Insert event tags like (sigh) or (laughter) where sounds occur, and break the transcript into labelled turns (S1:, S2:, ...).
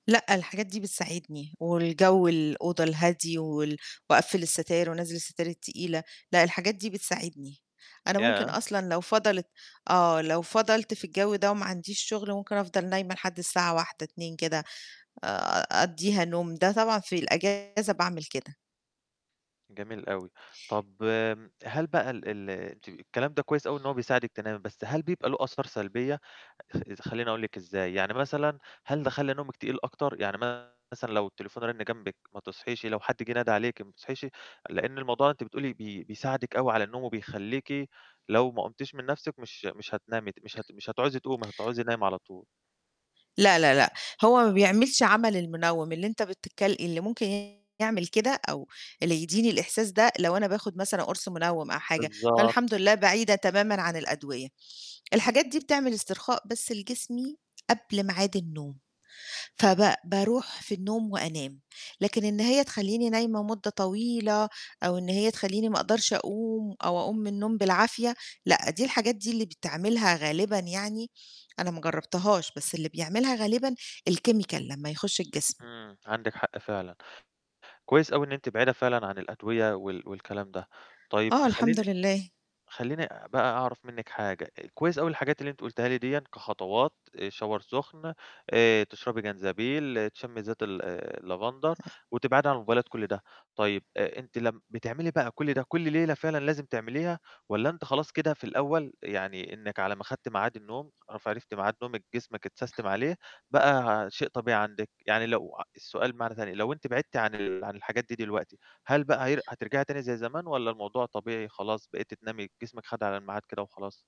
S1: لأ، الحاجات دي بتساعدني والجَوّ الأوضة الهادي وال وأقفِّل الستاير وانزِّل الستاير التقيلة، لأ الحاجات دي بتساعدني. أنا ممكن
S2: ياه!
S1: أصلًا لو فَضَلِت آه لو فَضَلت في الجَوّ ده وما عنديش شغل ممكن أفضل نايمة لحد الساعة 13:00 14:00 كده، أ أقضِّيها نوم، ده طبعًا في الإجازة باعمل كده.
S2: جميل أوي. طَب هل بقى ال ال أنتِ الكلام ده كويس أوي إن هو بيساعدِك تنامي، بس هل بيبقى له آثار سلبية؟ خلّيني أقول لِك إزاي، يعني مثلًا هل ده خلّي نومِك تقيل أكتر، يعني مثلًا لو التليفون رَنّ جنبِك ما تصحيش؟ لو حد جِه ندَه عليكِ ما بتصحيش؟ لأن الموضوع أنتِ بتقولي بي بيساعدِك أوي على النوم، وبيخلّيكِ لو ما قُمتيش من نَفْسِك مش مش هتنامي ت مش هت مش هتعوزي تقومي، هتعوزي نايمة على طول.
S1: لا، لا، لأ، هو ما بيعملش عَمَل المنوّم اللي أنت بتتك اللي ممكن يعمل كده أو اللي يديني الإحساس ده، لو أنا باخد مثلًا قُرص منوّم أو حاجة، فالحمد
S2: بالضبط.
S1: لله بعيدة تمامًا عن الأدوية. الحاجات دي بتعمل استرخاء بس لجسمي قبل ميعاد النوم، فب بارُوح في النوم وأنام، لكن إن هي تخلّيني نايمة مدة طويلة أو إن هي تخلّيني ما أقدَرش أقوم أو أقوم من النوم بالعافية، لأ دي الحاجات دي اللي بتعملها غالبًا يعني، أنا ما جرَّبتهاش بس اللي بيعملها غالبًا الchemical لمّا يخُشّ الجسم.
S2: إمم، عندِك حق فعلًا. كويس أوي إن أنتِ بعيدة فعلًا عن الأدوية وال والكلام ده. طيب
S1: آه، الحمد
S2: خلّيني
S1: لله.
S2: خلّيني بقى أعرَف منِّك حاجة، كويس أوي الحاجات اللي أنتِ قلتيها لي ديًا كخطوات shower سُخن، آآ تشرَبي جنزبيل، تشمّي زيت ال اللافندر
S1: (unintelligible)
S2: وتبعدي عن الموبايلات كُلّ ده. طيب آآ أنتِ لم بتعملي بقى كُلّ ده كُلّ ليلة فعلًا لازم تعمليها والَّا أنتِ خلاص كده في الأول، يعني إنِّك على ما خدتِ ميعاد النوم عرفتِ ميعاد نومِك جسمِك اتسستم عليه، بقى شيء طبيعي عندِك، يعني لو السؤال بمعنى تاني، لو أنتِ بِعدتِ عن ال عن الحاجات دي دلوقتي هل بقى هي هترجعي تاني زي زمان والَّا الموضوع طبيعي خلاص، بقيتِ تنامي جسمِك خَد على الميعاد كده وخلاص؟